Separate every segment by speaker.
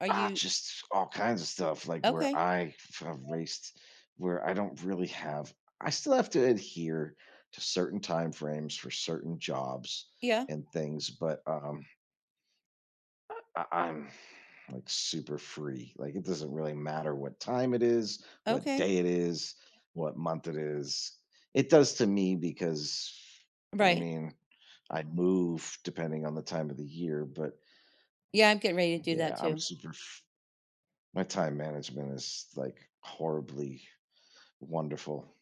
Speaker 1: Are
Speaker 2: Uh,
Speaker 1: you
Speaker 2: just all kinds of stuff like where
Speaker 1: Okay.
Speaker 2: I have raised, where I don't really have I still have to adhere to certain time frames for certain jobs
Speaker 1: Yeah.
Speaker 2: and things, but, um uh, I, I'm, like, super free. Like it doesn't really matter what time it is, what
Speaker 1: Okay.
Speaker 2: day it is, what month it is. It does to me because, I
Speaker 1: Right.
Speaker 2: mean, I move depending on the time of the year, but
Speaker 1: Yeah, I'm getting ready to do
Speaker 2: yeah,
Speaker 1: that
Speaker 2: I'm
Speaker 1: too.
Speaker 2: super f My time management is, like, horribly wonderful.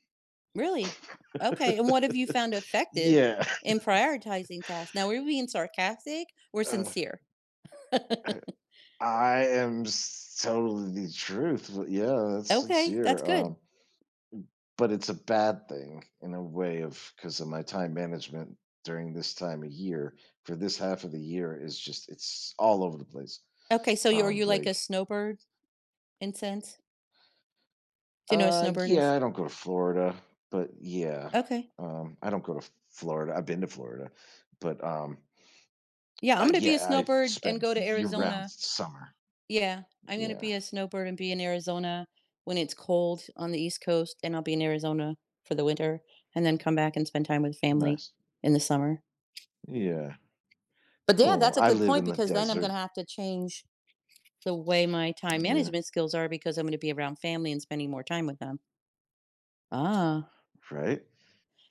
Speaker 1: Really? Okay, and what have you found effective
Speaker 2: Yeah.
Speaker 1: in prioritizing tasks? Now, we're being sarcastic or
Speaker 2: Uh,
Speaker 1: sincere?
Speaker 2: uh, I am s telling the truth, but, yeah, that's
Speaker 1: Okay, that's
Speaker 2: sincere, um,
Speaker 1: good.
Speaker 2: m but it's a bad thing in a way of ‘cause of my time management during this time of year for this half of the year, it's just, it's all over the place,
Speaker 1: Okay, so you're are
Speaker 2: um,
Speaker 1: you like a
Speaker 2: like
Speaker 1: snowbird in sense? Do you know what
Speaker 2: Uh,
Speaker 1: snowbird is?
Speaker 2: yeah, I don't go to Florida, but yeah,
Speaker 1: Okay.
Speaker 2: um, I don't go to Florida. I've been to Florida, but, um,
Speaker 1: Yeah, I'm
Speaker 2: uh,
Speaker 1: gonna be a
Speaker 2: yeah, I've
Speaker 1: snowbird and
Speaker 2: spent
Speaker 1: go to
Speaker 2: year-round
Speaker 1: Arizona.
Speaker 2: summer.
Speaker 1: Yeah, I'm gonna
Speaker 2: Yeah.
Speaker 1: be a snowbird and be in Arizona when it's cold on the East Coast, and I'll be in Arizona for the winter, and then come back and spend time with family
Speaker 2: Nice.
Speaker 1: in the summer.
Speaker 2: Yeah.
Speaker 1: But yeah,
Speaker 2: Cool,
Speaker 1: that's a
Speaker 2: I
Speaker 1: good
Speaker 2: live
Speaker 1: point,
Speaker 2: in the
Speaker 1: because then I'm
Speaker 2: desert.
Speaker 1: gonna have to change the way my time
Speaker 2: Yeah.
Speaker 1: management skills are because I'm gonna be around family and spending more time with them. Ah.
Speaker 2: Right.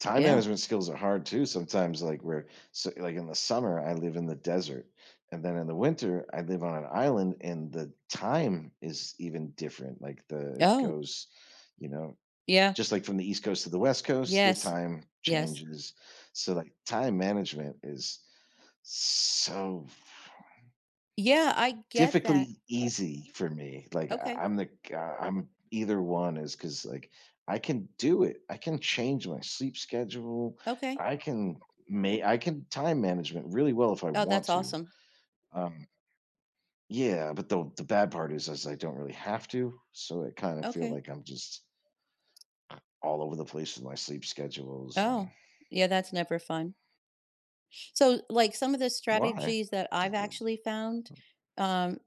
Speaker 2: Time
Speaker 1: Yeah.
Speaker 2: management skills are hard too sometimes, like, we're so, like in the summer, I live in the desert and then in the winter I live on an island and the time is even different, like, the it
Speaker 1: Oh.
Speaker 2: goes, you know,
Speaker 1: Yeah.
Speaker 2: just like from the East coast to the West coast, the
Speaker 1: Yes,
Speaker 2: time
Speaker 1: yes.
Speaker 2: changes. So, like, time management is so f
Speaker 1: Yeah, I get that.
Speaker 2: Typically easy for me, like I
Speaker 1: Okay.
Speaker 2: I'm, like, uh, I'm either one is ‘cause, like, I can do it. I can change my sleep schedule.
Speaker 1: Okay.
Speaker 2: I can ma I can time management really well if I
Speaker 1: Oh,
Speaker 2: want
Speaker 1: that's
Speaker 2: to.
Speaker 1: awesome.
Speaker 2: Um Yeah, but the the bad part is is I don't really have to, so I kinda feel
Speaker 1: Okay.
Speaker 2: like I'm just All over the place with my sleep schedules and
Speaker 1: Oh, yeah, that's never fun. So, like some of the
Speaker 2: Why?
Speaker 1: strategies that I've actually found,
Speaker 2: [unintelligible]
Speaker 1: um,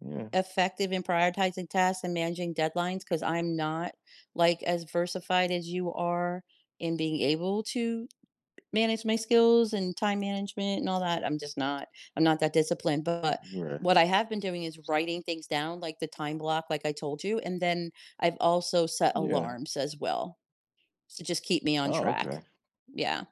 Speaker 2: Yeah.
Speaker 1: effective in prioritizing tasks and managing deadlines, ‘cause I'm not like as versified as you are in being able to manage my skills and time management and all that I'm just not I'm not that disciplined, but
Speaker 2: Right.
Speaker 1: what I have been doing is writing things down, like the time block like I told you, and then I've also set
Speaker 2: Yeah.
Speaker 1: alarms as well to just keep me on
Speaker 2: Oh,
Speaker 1: track.
Speaker 2: Okay.
Speaker 1: Yeah.